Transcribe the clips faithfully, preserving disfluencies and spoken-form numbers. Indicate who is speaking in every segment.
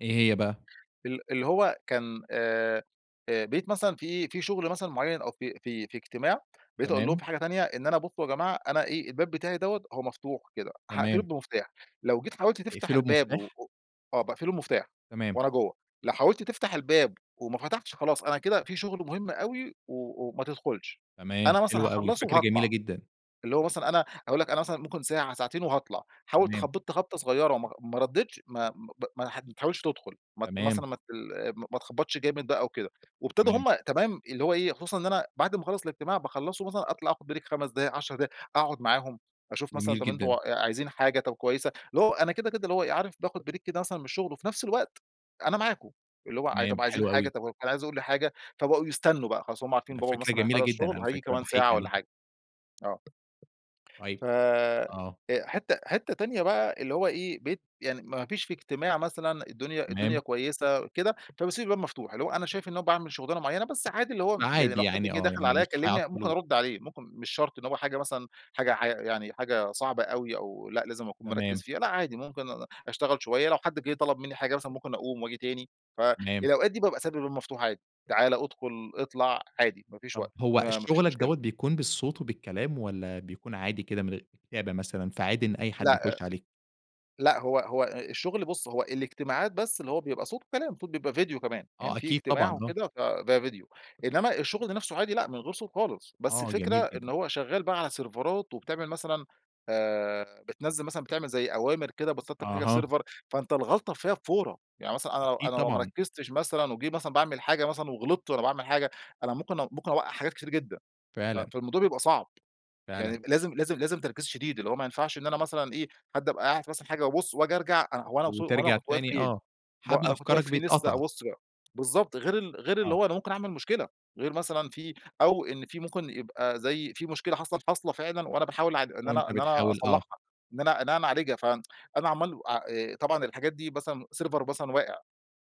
Speaker 1: إيه هي بقى؟
Speaker 2: ال اللي هو كان آآ، بقبت مثلًا فيه في شغل مثلًا معين أو في في في اجتماع، بقيت أقول لهم
Speaker 1: تمام.
Speaker 2: في حاجة تانية إن أنا بُصّوا يا جماعة أنا إيه، الباب بتاعي دوّة هو مفتوح كده، هاقفله
Speaker 1: تمام.
Speaker 2: بمفتاح، لو جيت حاولت تفتح
Speaker 1: تقفله
Speaker 2: الباب و
Speaker 1: بمفتاح؟
Speaker 2: آه باقفله بمفتاح
Speaker 1: تمام.
Speaker 2: وأنا جوا، لو حاولت تفتح الباب وما فتحش خلاص أنا كده فيه شغل مهم أوي و وما تدخلش،
Speaker 1: تمام،
Speaker 2: أنا مثلًا
Speaker 1: حلو أوي،
Speaker 2: هاخلصه
Speaker 1: فكرة جميلة
Speaker 2: وهاطلع،
Speaker 1: جدًا.
Speaker 2: اللي هو مثلًا أنا هاقول لك أنا مثلًا ممكن ساعة ساعتين وهاطلع، حاول
Speaker 1: تمام.
Speaker 2: تخبط خبطة صغيرة وما ما ردتش ما ب ب ما تح ما تحاولش تدخل مت
Speaker 1: تمام.
Speaker 2: مثلًا ما تل آآ ما تخبطش جامد بقى وكده، وابتدوا
Speaker 1: تمام.
Speaker 2: هم تمام اللي هو إيه، خصوصًا إن أنا بعد ما أخلص الاجتماع باخلصه مثلًا أطلع أخد Break خَمس دقايق عَشر دقايق، أقعد معاهم أشوف مثلًا
Speaker 1: جميل
Speaker 2: طب أنتم
Speaker 1: جدًا.
Speaker 2: آآ عايزين حاجة؟ طب كويسة اللي هو أنا كده كده اللي هو إيه عارف باخد Break كده مثلًا من الشغل، وفي نفس الوقت أنا معاكم، اللي هو ع
Speaker 1: تمام،
Speaker 2: طب عايزين
Speaker 1: حلو
Speaker 2: حاجة؟
Speaker 1: أوي.
Speaker 2: طب واللي كان عايز يقول لي حاجة؟ فبقوا يستنوا بقى خلاص هُم عارفين
Speaker 1: ده
Speaker 2: بابا
Speaker 1: فكرة
Speaker 2: مثلًا
Speaker 1: جميلة
Speaker 2: هيخلص
Speaker 1: جدًا
Speaker 2: شغل
Speaker 1: على
Speaker 2: وهييجي
Speaker 1: فكرة،
Speaker 2: كمان
Speaker 1: باحييك
Speaker 2: ساعة والّا
Speaker 1: عليها.
Speaker 2: حاجة آه. ف
Speaker 1: طيب، آه.
Speaker 2: أ حتة حتة تانية بقى اللي هو إيه، بقيت يعني مافيش في اجتماع مثلًا، الدنيا الدنيا
Speaker 1: تمام.
Speaker 2: كويسة كده، فباسيب الباب مفتوح، اللي هو أنا شايف إن أنا باعمل شغلانة معينة، بس عادي اللي هو يعني
Speaker 1: فعادي
Speaker 2: لو حد
Speaker 1: يعني
Speaker 2: جه
Speaker 1: آه،
Speaker 2: دخل
Speaker 1: يعني
Speaker 2: عليَّ
Speaker 1: مش
Speaker 2: كلمني ممكن
Speaker 1: هيعطلوك.
Speaker 2: أرد عليه، ممكن مش شرط اللي هو حاجة مثلًا حاجة ع يعني حاجة صعبة أوي، أو لأ لازم أكون مركز
Speaker 1: تمام.
Speaker 2: فيها، لأ عادي ممكن أنا أشتغل شويّة، لو حد جه طلب مني حاجة مثلًا ممكن أقوم وأجي تاني، ف
Speaker 1: تمام.
Speaker 2: الأوقات دي بابقي سايب الباب مفتوح عادي، تعالَ ادخل اطلع عادي، مافيش
Speaker 1: طب
Speaker 2: وقت
Speaker 1: هو ال
Speaker 2: ما ما فيش
Speaker 1: شغلك
Speaker 2: مشكلة.
Speaker 1: دوّة بيكون بالصوت وبالكلام، والّا بيكون عادي كده من غي كتابة مثلًا فعادي إن أي حد
Speaker 2: لأ
Speaker 1: يخش عليك؟
Speaker 2: لأ، هو هو ال الشغل بُصّ هو الاجتماعات بس اللي هو بيبقى صوت وكلام، صوت بيبقى فيديو كمان يعني
Speaker 1: آه،
Speaker 2: في
Speaker 1: أكيد
Speaker 2: اجتماع
Speaker 1: طبعًا، آه.
Speaker 2: وكده، فده فيديو، إنما الشغل نفسه عادي لأ من غير صوت خالص، بس
Speaker 1: آه،
Speaker 2: الفكرة
Speaker 1: جميل جدًا.
Speaker 2: إن هو شغال بقى على سيرفرات وبتعمل مثلًا آآ، بتنزّل مثلًا بتعمل زي أوامر كده بت Setup حاجة في
Speaker 1: أها.
Speaker 2: Server، فأنت الغلطة فيها بفورة، يعني مثلًا أنا لو
Speaker 1: أكيد
Speaker 2: أنا لو ما
Speaker 1: طبعًا.
Speaker 2: ركزتش مثلًا وجه مثلًا باعمل حاجة مثلًا وغلطت وأنا باعمل حاجة أنا ممكن أ ممكن أوقع حاجات كتيرة جدًا، ف
Speaker 1: فعلًا.
Speaker 2: فالموضوع بيبقى صعب،
Speaker 1: فعلًا.
Speaker 2: يعني لازم لازم لازم تركيز شديد اللي هو ما ينفعش إن أنا مثلًا إيه، حد أبقى قاعد مثلًا حاجة وأبص وأجي أرجع هو أنا وص هو أنا
Speaker 1: وترجع
Speaker 2: كنت واقف
Speaker 1: تاني
Speaker 2: فين؟
Speaker 1: آه،
Speaker 2: وه
Speaker 1: حبل
Speaker 2: أنا كنت واقف
Speaker 1: أفكارك
Speaker 2: فين؟ لسه
Speaker 1: بيتقطع.
Speaker 2: أبص بالضبط، غير ال غير اللي
Speaker 1: آه.
Speaker 2: هو أنا ممكن أعمل مشكلة، غير مثلًا في أو إن في ممكن يبقى زي فيه مشكلة حصلت حاصلة فعلًا وأنا باحاول اع إن أنا
Speaker 1: وأنت
Speaker 2: إن أنا
Speaker 1: بتحاول آه.
Speaker 2: أصلحها، إن أنا إن أنا أعالجها، ف أنا عَمال أ آآ طبعًا الحاجات دي مثلًا Server مثلًا واقع،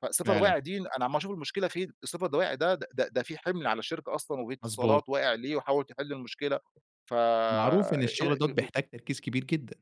Speaker 2: فServer
Speaker 1: فعلًا.
Speaker 2: واقع دي أنا عمال أشوف المشكلة فين؟ ال Server اللي وقع ده د ده ده فيه حِمل على الشركة أصلًا
Speaker 1: مضبوط.
Speaker 2: واتصالات واقع ليه؟ وحاول تحل المشكلة ف.
Speaker 1: معروف إن الشغل دوّة
Speaker 2: [unintelligible]
Speaker 1: بيحتاج تركيز كبير جدًا.